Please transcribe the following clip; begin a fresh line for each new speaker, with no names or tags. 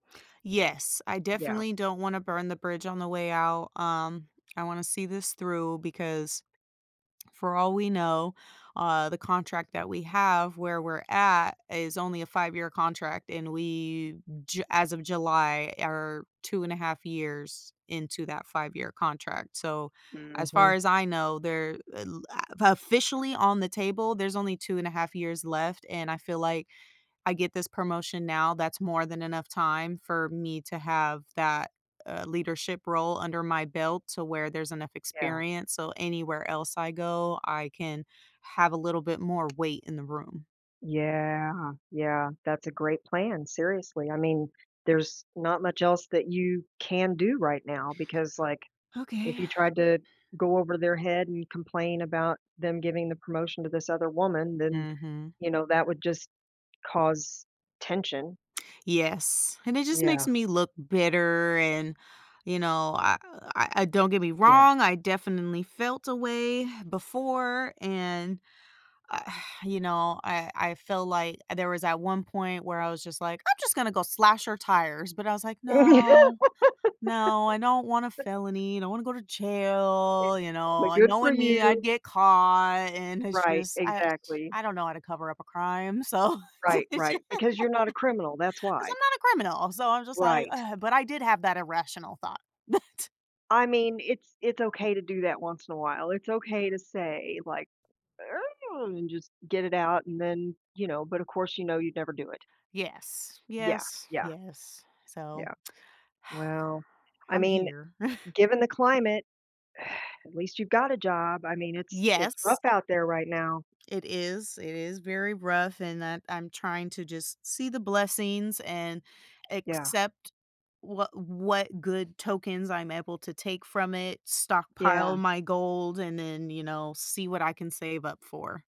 Yes, I
Yeah.
definitely don't wanna burn the bridge on the way out, um, I wanna see this through, because for all we know, uh, the contract that we have- where we're at- is only a five-year contract, and we Ju as of July are 2.5 years into that five-year contract. So, as far
Mhm.
as I know, there, uh, la officially on the table, there's only 2.5 years left, and I feel like I get this promotion now, that's more than enough time for me to have that, uh, leadership role under my belt to where there's enough
Yeah.
experience, so anywhere else I go, I can have a little bit more weight in the room.
Yeah, yeah, that's a great plan, seriously. I mean, there's not much else that you can do right now because, like, if
Okay.
you tried to go over their head and complain about them giving the promotion to this other woman, then,
Mhm.
you know, that would just cause tension.
Yes, and it just
Yeah.
makes me look bitter and, you know, I, uh, I I don't get me
Yeah.
wrong, I definitely felt a way before and, uh, you know, I I felt like there was at one point where I was just like, "I'm just gonna go slash her tires," but I was like,
Yeah.
"No, no, I don't want a felony, I don't wanna go to
It
jail. You know,
like,
and
"Good for
knowing me I'd
you."
get caught," and it's
Right,
just I just
exactly.
I don't know how to cover up a crime. So, they're
Right,
j
right, because you're not a criminal, that's
'cause
why.
I'm not a criminal and so I'm just like,
Right.
"Ugh," but I did have that irrational thought. That
I mean, it's it's okay to do that once in a while. It's okay to say like, "Ugh" and just get it out and then, you know but of course you know you'd never do it.
Yes,
Yeah,
yes,
yeah.
yes. So
Yeah. Well I
I'm
mean,
here.
given the climate, at least you've got a job, I mean, it's it's
Yes.
rough out there right now.
It is, it is very rough and that I'm trying to just see the blessings and
Yeah.
accept what what good tokens I'm able to take from it, stockpile
Yeah.
my gold and then, you know, see what I can save up for.